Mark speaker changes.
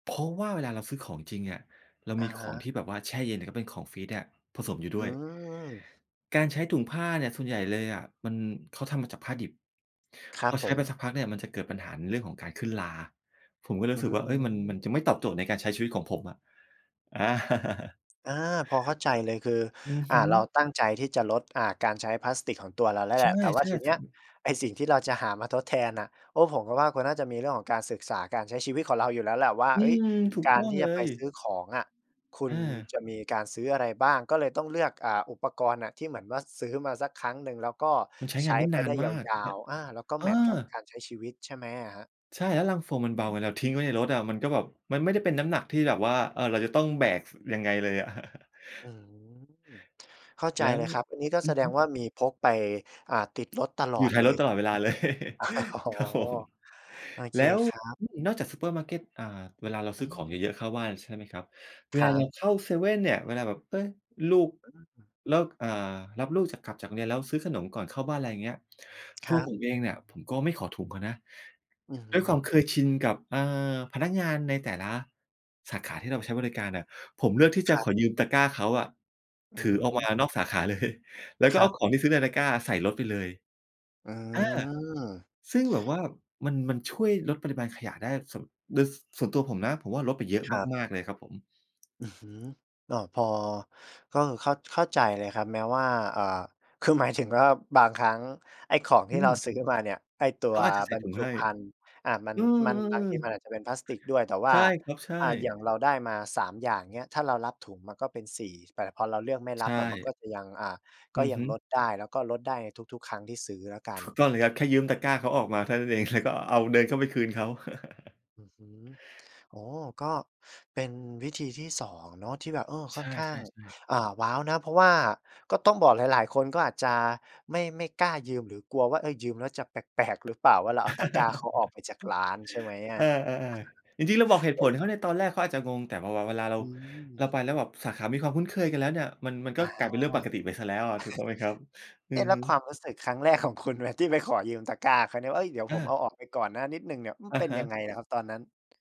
Speaker 1: เพราะว่าเวลาเราซื้อของจริงเนี่ย เรา
Speaker 2: อ
Speaker 1: ม
Speaker 2: ะ
Speaker 1: ีข
Speaker 2: ฮ
Speaker 1: อง
Speaker 2: ะ
Speaker 1: ที่แบบว่าแช่เย็น แล้วก็เป็นของฟรีซเนี่ยผสมอยู่
Speaker 2: อ
Speaker 1: ด
Speaker 2: ื
Speaker 1: ้วย
Speaker 2: ม
Speaker 1: การใช้ถุงผ้าเนี่ยส่วนใหญ่เลยอะ มัน เขาทำมาจากผ้าดิบ
Speaker 2: ครั
Speaker 1: พ
Speaker 2: บ
Speaker 1: อใช
Speaker 2: ผ
Speaker 1: ้ไป
Speaker 2: ม
Speaker 1: สักพักเนี่ย มันจะเกิดปัญหาในเรื่องของการขึ้นรา ผมก็เลย
Speaker 2: อ
Speaker 1: ร
Speaker 2: ื
Speaker 1: ู้สึกว่า เฮ้ย มัน มัน
Speaker 2: ม
Speaker 1: จะไม่ตอบโจทย์ในการใช้ชีวิตของผมอะ อา
Speaker 2: อา พอเข้าใจเลย คือ
Speaker 1: อือ
Speaker 2: อ่
Speaker 1: ฮ
Speaker 2: า เรา
Speaker 1: ึ
Speaker 2: ตั้งใจที่จะลด อ่า การใช้พลาสติกของตัวเราแล้ว
Speaker 1: ใ
Speaker 2: แ
Speaker 1: ช
Speaker 2: หล
Speaker 1: ่
Speaker 2: ะ แต่ว่
Speaker 1: ใ
Speaker 2: า
Speaker 1: ช่
Speaker 2: ทีเน
Speaker 1: ค
Speaker 2: ี้
Speaker 1: รั
Speaker 2: ย
Speaker 1: บ
Speaker 2: ไอ้สิ่งที่เราจะหามาทดแทนน่ะ โอ้ ผมก็ว่า คุณน่าจะมีเรื่องของการศึกษาการใช้ชีวิตของเราอยู่แล้วแหละว่า
Speaker 1: อื
Speaker 2: เฮ้ย
Speaker 1: ม ถูก
Speaker 2: กา
Speaker 1: ต
Speaker 2: ร
Speaker 1: ้อ
Speaker 2: ท
Speaker 1: ง
Speaker 2: ี่
Speaker 1: เล
Speaker 2: จะไป
Speaker 1: ย
Speaker 2: ซื้อของอะ คุ
Speaker 1: อ
Speaker 2: ณ
Speaker 1: า
Speaker 2: จะมีการซื้ออะไรบ้าง ก็เลยต้องเลือก อ่า อุปกรณ์น่ะ ที่เหมือนว่า ซื้อมาสักครั้งหนึ่ง แล้วก็
Speaker 1: มันใช้
Speaker 2: ใช
Speaker 1: งาน
Speaker 2: ้
Speaker 1: ได้
Speaker 2: ไป
Speaker 1: นา
Speaker 2: ได้
Speaker 1: น
Speaker 2: ย
Speaker 1: มาก ใ
Speaker 2: า
Speaker 1: ช่
Speaker 2: ว ๆ อา แล้วก็
Speaker 1: เอ
Speaker 2: แ
Speaker 1: อ
Speaker 2: มตช์กับการใช้ชีวิตใช่ไหมอะครับ?
Speaker 1: ใช่ แล้วลังโฟมมัน
Speaker 2: อื
Speaker 1: เบ
Speaker 2: อ
Speaker 1: า
Speaker 2: ฮึ
Speaker 1: เวลาเราทิ้งไว้ในรถอะ มันก็แบบ มันไม่ได้เป็นน้ำหนักที่แบบว่า เออ เราจะต้องแบก ส ยังไงเลยอะ
Speaker 2: อืม เข้าใจ
Speaker 1: แล้
Speaker 2: เล
Speaker 1: ว
Speaker 2: ยครับ อันนี้ก็
Speaker 1: อื
Speaker 2: แส
Speaker 1: อ
Speaker 2: ด
Speaker 1: ฮึ
Speaker 2: งว่ามีพกไป อ่า ติดรถตลอ
Speaker 1: อยู่
Speaker 2: ด
Speaker 1: ท้า
Speaker 2: เล
Speaker 1: ยรถ
Speaker 2: ย
Speaker 1: ตลอดเวลา เลย
Speaker 2: อ๋อ
Speaker 1: ครับผม
Speaker 2: โอเ
Speaker 1: แ
Speaker 2: ค
Speaker 1: ล้ว
Speaker 2: ครับ
Speaker 1: อืม นอกจากซูเปอร์มาร์เก็ต อ่า เวลาเรา
Speaker 2: อ
Speaker 1: ซ
Speaker 2: ื
Speaker 1: ื้อของ
Speaker 2: ม
Speaker 1: เยอะ ๆ เข้าบ้าน ใช่ไหมครับ เว
Speaker 2: คร
Speaker 1: ลา
Speaker 2: ั
Speaker 1: เรา
Speaker 2: บ
Speaker 1: เข้าเซเว่นเนี่ย เวลาแบบ เฮ้ย ลูก
Speaker 2: อืม
Speaker 1: แล้ว อ่า รับลูกจาก กลับจากโรงเรียน แล้วซื้อขนมก่อนเข้าบ้าน ไรเงี้ย ต
Speaker 2: ค
Speaker 1: ั
Speaker 2: ร
Speaker 1: ว
Speaker 2: ั
Speaker 1: ผ
Speaker 2: บ
Speaker 1: มเองเนี่ย ผมก็ไม่ขอถุงเขานะ
Speaker 2: อือฮ
Speaker 1: ด้วยความ
Speaker 2: ึ
Speaker 1: เคยชินกับ อ่า พนักงานในแต่ละสาขาที่เราไปใช้บริการน่ะ ผมเลือกที่จ
Speaker 2: ค
Speaker 1: ะ
Speaker 2: รั
Speaker 1: ข
Speaker 2: บ
Speaker 1: อยืมตะกร้าเขาอะ
Speaker 2: อื
Speaker 1: ถือออกม
Speaker 2: ม
Speaker 1: านอกสาขา เลย แล้วก็
Speaker 2: คร
Speaker 1: เ
Speaker 2: ั
Speaker 1: อาข
Speaker 2: บ
Speaker 1: องที่ซื้อในตะกร้าใส่รถไปเลย
Speaker 2: อื
Speaker 1: อา
Speaker 2: ม
Speaker 1: ซึ่งแบบว่ามัน มันช่วยลดปริมาณขยะได้ ส่วน โดยส่วนตัวผมนะ ผมว่า ลดไปเยอะ
Speaker 2: ครับ
Speaker 1: มาก ๆ เลยครับผม
Speaker 2: อือฮึ อ้อ พอ ก็เข้า เข้าใจเลยครับ แม้ว่า อ่า คือหมายถึงว่า บางครั้งไอ้ของ
Speaker 1: อ
Speaker 2: ที
Speaker 1: ื
Speaker 2: ่เรา
Speaker 1: ม
Speaker 2: ซื้อมาเนี่ย ไอ้ตั
Speaker 1: เข
Speaker 2: ว
Speaker 1: าอาจจะใส
Speaker 2: บ
Speaker 1: ่
Speaker 2: รร
Speaker 1: ถุง
Speaker 2: จุ
Speaker 1: ให้
Speaker 2: ภัณฑ์ อ่า มัน
Speaker 1: อื
Speaker 2: มันบาง
Speaker 1: ม
Speaker 2: ทีมัน
Speaker 1: ๆ ๆ
Speaker 2: อาจจะเป็นพลาสติกด้วย แต่ว
Speaker 1: ใ
Speaker 2: ่
Speaker 1: ช
Speaker 2: า
Speaker 1: ่ครับ ใช
Speaker 2: อ่า อย่
Speaker 1: ่
Speaker 2: างเราได้มา 3 อย่างเงี้ย ถ้าเรารับถุงมันก็เป็น 4 แต่พอเราเลือกไม่
Speaker 1: ใ
Speaker 2: ร
Speaker 1: ช
Speaker 2: ับอะ มันก็
Speaker 1: ่
Speaker 2: จะยัง อ่า ก
Speaker 1: อื
Speaker 2: ็
Speaker 1: อ
Speaker 2: ย
Speaker 1: ฮ
Speaker 2: ัง
Speaker 1: ึ
Speaker 2: ลดได้ แล้วก็ลดได้ในทุก ๆ ครั้งที่ซื้อแล้วกั
Speaker 1: ถ
Speaker 2: น
Speaker 1: ูกต้องเลยครับ แค่ยืมตะกร้าเขาออกมาเท่านั้น เอง แล้วก็เอา
Speaker 2: [unintelligible]
Speaker 1: เดิ
Speaker 2: อื
Speaker 1: นเข
Speaker 2: ม
Speaker 1: ้าไปคืนเขา
Speaker 2: อือฮึ โอ้โฮ ก็เป็นวิธีที่ 2 เนาะที่แบบ เออ ค
Speaker 1: ใช
Speaker 2: ่อน
Speaker 1: ่
Speaker 2: ข้าง
Speaker 1: ๆ ๆ
Speaker 2: อ่า ว้าวนะ เพราะว่าก็ต้องบอกหลาย ๆ คน ก็อาจจะไม่ ไม่กล้ายืม หรือกลัวว่า เฮ้ย ยืมแล้วจะแปลก ๆ หรือเปล่าว่าเราเอาตะกร้าเขาออกไปจากร้าน ใช่ไหมอ
Speaker 1: เอ
Speaker 2: ะ?
Speaker 1: อ ๆ ๆ จริง ๆ เราบอกเหตุผลเขา ในตอนแรกเขาอาจจะงง แต่พอ พอเวลาเรา
Speaker 2: อื
Speaker 1: เ
Speaker 2: ม
Speaker 1: ราไปแล้วแบบสาขามีความคุ้นเคยกันแล้วเนี่ย มัน มัน
Speaker 2: อ
Speaker 1: ก็
Speaker 2: ะฮ
Speaker 1: กล
Speaker 2: ะ
Speaker 1: ายเป็นเรื่องปกติไปเสียแล้วอะ ถูกต้องไหมครับ? อื
Speaker 2: เอ๊
Speaker 1: อ
Speaker 2: ะ แล
Speaker 1: ฮ
Speaker 2: ้
Speaker 1: ึ
Speaker 2: วความรู้สึกครั้งแรก ของคุณไหม ที่ไปขอยืมตะกร้าเขาเนี่ยว่า เฮ้ย เดี๋ยวผมเ
Speaker 1: เออ
Speaker 2: อาออกไปก่อนนะนิดหนึ่งเนี่ย อือ
Speaker 1: อะ
Speaker 2: เป็น
Speaker 1: ฮ
Speaker 2: ยัง
Speaker 1: ะ
Speaker 2: ไงนะครับตอนนั้น?